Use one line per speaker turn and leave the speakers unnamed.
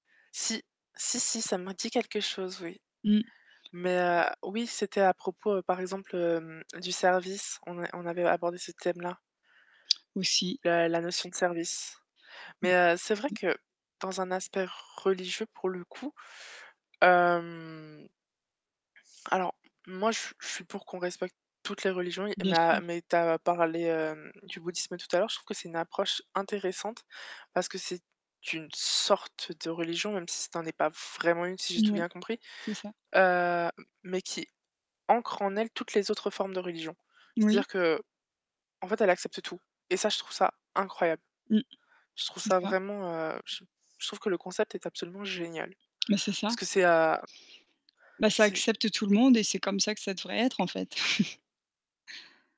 Si. Si, si, ça m'a dit quelque chose oui.
Mmh.
Mais, heu, oui c'était à propos par exemple, heu, du service, on a on avait abordé ce thème-là.
Aussi.
La la notion de service. Mais heu, c'est vrai
[unintelligible]
que dans un aspect religieux pour le coup. Hem Alors moi je suis je suis pour qu'on respecte toutes les religions,
Bien
mais
sûr.
mais tu as parlé du bouddhisme tout à l'heure, je trouve que c'est une approche intéressante parce que c'est une sorte de religion, même si ça en est pas vraiment une si j'ai tout
Ouais,
bien compris,
c'est ça.
heu, mais qui ancre en elle toutes les autres formes de religion.
Oui.
C'est-à-dire qu'en fait elle accepte tout, et ça je trouve ça incroyable.
Mmh.
Je trouve
C'est
ça
ça.
vraiment, je trouve que le concept est absolument génial
Bah, c'est
parce
ça.
que c'est, heu
Bah, ça
c'est
accepte tout le monde et c'est comme ça que ça devrait être en fait.